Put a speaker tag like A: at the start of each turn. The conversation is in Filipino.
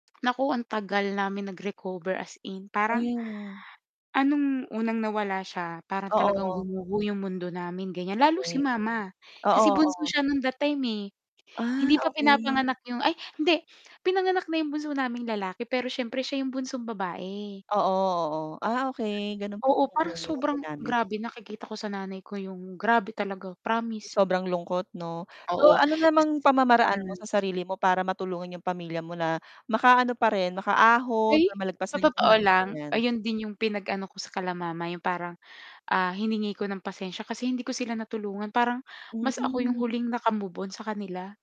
A: Naku, ang tagal namin nagrecover as in,
B: Oh,
A: parang
B: yun nga.
A: ah, nung unang nawala siya, para talagang
B: Oo.
A: gumuho yung mundo namin, ganyan. Lalo si
B: Okey.
A: mama
B: Oo,
A: kasi bunso
B: oo.
A: siya nun that time, eh.
B: Ah,
A: Hindi pa
B: okey.
A: pinapanganak yung ay, hindi. Pinanganak na yung bunso naming lalaki, pero siyempre siya yung bunsong babae.
B: Oo, oo. Ah, okey, ganun pala
A: Oo, parang
B: [unintelligible]
A: sobrang
B: namin.
A: grabe nakikita ko sa nanay ko yung grabe talaga, promise.
B: Sobrang lungkot, 'no? So,
A: Oo.
B: ano namang pamamaraan mo
A: Hmm.
B: sa sarili mo para matulungan yung pamilya mo na makaano pa rin, makaahon,
A: Ay, sa
B: malagpasan yung
A: totoo
B: [unintelligible]
A: lang,
B: ganyan.
A: ayun din yung pinag-ano ko sa kila mama, yung parang, ah, hiningi ko ng pasensya kasi hindi ko sila natulungan. Parang mas ako yung
B: Hmm
A: huling nakamove-on sa kanila.